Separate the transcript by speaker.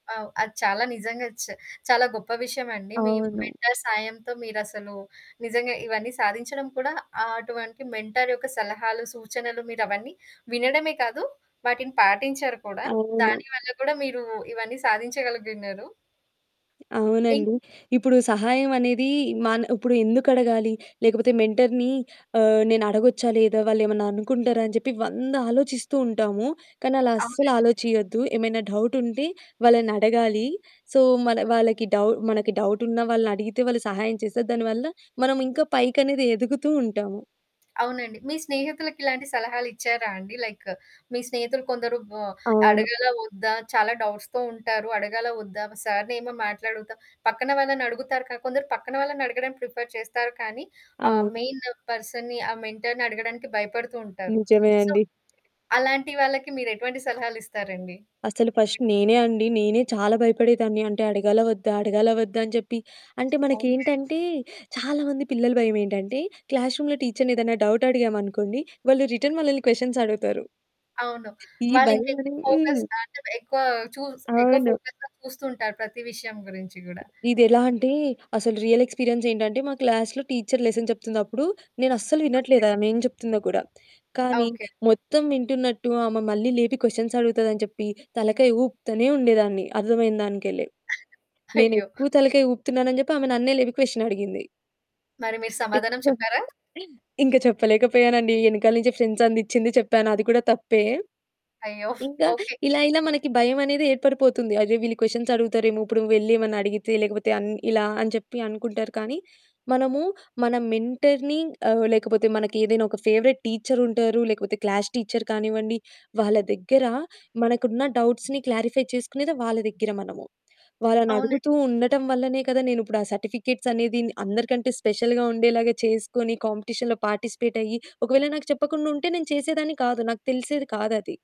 Speaker 1: అవు. అది చాలా నిజంగా చ్ చాలా గొప్ప విషయమండి. మీ
Speaker 2: అవును.
Speaker 1: మెంటర్ సాయంతో మీరసలు నిజంగా ఇవన్నీ సాధించడం కూడా ఆహ్, అటువంటి మెంటర్ యొక్క సలహాలు, సూచనలు మీరవన్నీ వినడమే కాదు. వాటిని పాటించారు కూడా.
Speaker 2: అవును.
Speaker 1: దానివల్ల కూడా మీరు ఇవన్నీ సాధించగలిగియున్నారు. ఇంక్
Speaker 2: అవునండి. ఇప్పుడు సహాయం అనేది మన ఉప్పుడెందుకు అడగాలి లేకపోతే మెంటర్‌ని ఆహ్, నేను అడగొచ్చా లేదా? వాళ్ళేమన్నా అనుకుంటారా? అని జెప్పి వంద ఆలోచిస్తూ ఉంటాము. కానీ అలా అస్సలు
Speaker 1: అవునండి.
Speaker 2: ఆలోచియొద్దు. ఏమైనా డౌటుంటే వాళ్ళని అడగాలి. సో మళ వాళ్ళకి డౌ మనకి డౌటున్న వాళ్ళనడిగితే వాళ్ళు సహాయం చేసే దానివల్ల మనం ఇంకా పైకనేది ఎదుగుతూ ఉంటాము.
Speaker 1: అవునండి. మీ స్నేహితులకి ఇలాంటి సలహాలిచ్చారా అండి? లైక్ మీ స్నేహితులు కొందరు బ
Speaker 2: అవును.
Speaker 1: అడగాలా ఒద్దా? చాలా డౌట్స్‌తో ఉంటారు. అడగాలా వద్దా? సార్‌నేమో మాట్లాడుగుతా, పక్కన వాళ్ళని అడుగుతారు కా కొందరు పక్కన వాళ్ళని అడగడం ప్రిఫర్ చేస్తారు కానీ ఆహ్,
Speaker 2: అవును.
Speaker 1: మెయిన్ పర్సన్‌ని ఆ మెంటర్‌ని అడగడానికి భయపడుతూ ఉంటారు.
Speaker 2: నిజమే
Speaker 1: సో,
Speaker 2: అండి.
Speaker 1: అలాంటి వాళ్ళకి మీరు ఎటువంటి సలహాలిస్తారండి?
Speaker 2: అసలు ఫస్ట్ నేనే అండి నేనే చాలా భయపడేదాన్ని. అంటే అడగాలవొద్దా, అడగాలవొద్దా అని జెప్పి. అంటే
Speaker 1: ఓకే.
Speaker 2: మనకేంటంటే చాలామంది పిల్లలు భయమేంటంటే క్లాస్ రూమ్‌లో టీచరుని ఏదైనా డౌటడిగామనుకోండి వాళ్ళు రిటర్న్ మనలల్ని క్వెషన్స్ అడుగుతారు.
Speaker 1: అవును.
Speaker 2: ఈ భయం
Speaker 1: వాళ్ళింకెక్కువ
Speaker 2: అని హ్మ్.
Speaker 1: ఫోకస్ అంటే ఎక్కువ చూస్ ఎక్కువ
Speaker 2: అవును.
Speaker 1: ఫోకస్‌గా చూస్తూ ఉంటారు ప్రతి విషయం గురించి గూడా.
Speaker 2: ఇది ఎలా అంటే అసలు రియల్ ఎక్స్‌పీరియన్సేంటంటే మా క్లాస్‌లో టీచరు లెసన్ చెప్తుందప్పుడు. నేను అస్సల
Speaker 1: ఓకే.
Speaker 2: వినట్లేదు ఆమేం చెప్తుందో కూడా. కానీ
Speaker 1: ఓకే.
Speaker 2: మొత్తం వింటున్నట్టు ఆమె మళ్ళీ లేపి క్వెషన్స్ అడుగుతదని చెప్పి తలకాయ ఊపుతానే ఉండేదాన్ని అర్థమైన దానికెళ్ళే.
Speaker 1: అయ్యో!
Speaker 2: నేనెక్కువ తలకాయ ఊపుతున్నానని జెప్పి ఆమె నన్నే లేపి క్వెషనడిగింది.
Speaker 1: మరి మీరు సమాధానం
Speaker 2: తెలివిగాను
Speaker 1: చెప్పారా?
Speaker 2: ఇంక చెప్పలేకపోయానండి. ఎనకాల నుంచి ఫ్రెండ్సందిచ్చింది చెప్పాను. అది కూడా తప్పే.
Speaker 1: అయ్యో!
Speaker 2: ఇంకా
Speaker 1: ఓకే.
Speaker 2: ఇలా ఇలా మనకి భయం అనేది ఏర్పడిపోతుంది. అర్రే! వీళ్ళు క్వెషన్స్ అడుగుతారేమో ఇప్పుడు వెల్లి ఏమన్నా అడిగితే ఆహ్, లేకపోతే అన్ ఇలా అని చెప్పి అనుకుంటారు. కానీ మనము మన మెంటర్‌ని మనకి ఏదైనా ఒక ఫేవరెట్ టీచరుంటారు, లేకపోతే క్లాస్ టీచరు కానివ్వండి వాళ్ళ దగ్గర మనకున్న డౌట్స్‌ని క్లారిఫై చేసుకునేది వాళ్ళ దగ్గర మనము.
Speaker 1: అవునండి.
Speaker 2: వాళ్ళనడుగుతూ ఉండటం వల్లనే కదా! నేను ఇప్పుడు ఆ సర్టిఫికేట్సనేదిన్ అందరికంటే స్పెషల్‌గా ఉండేలాగా చేసుకొని కాంపిటీషన్‌లో పార్టిసిపేటయ్యి, ఒకవేళ నాకు చెప్పకుండా ఉంటే నేను చేసేదాన్ని కాదు. నాకు తెలిసేది కాదది.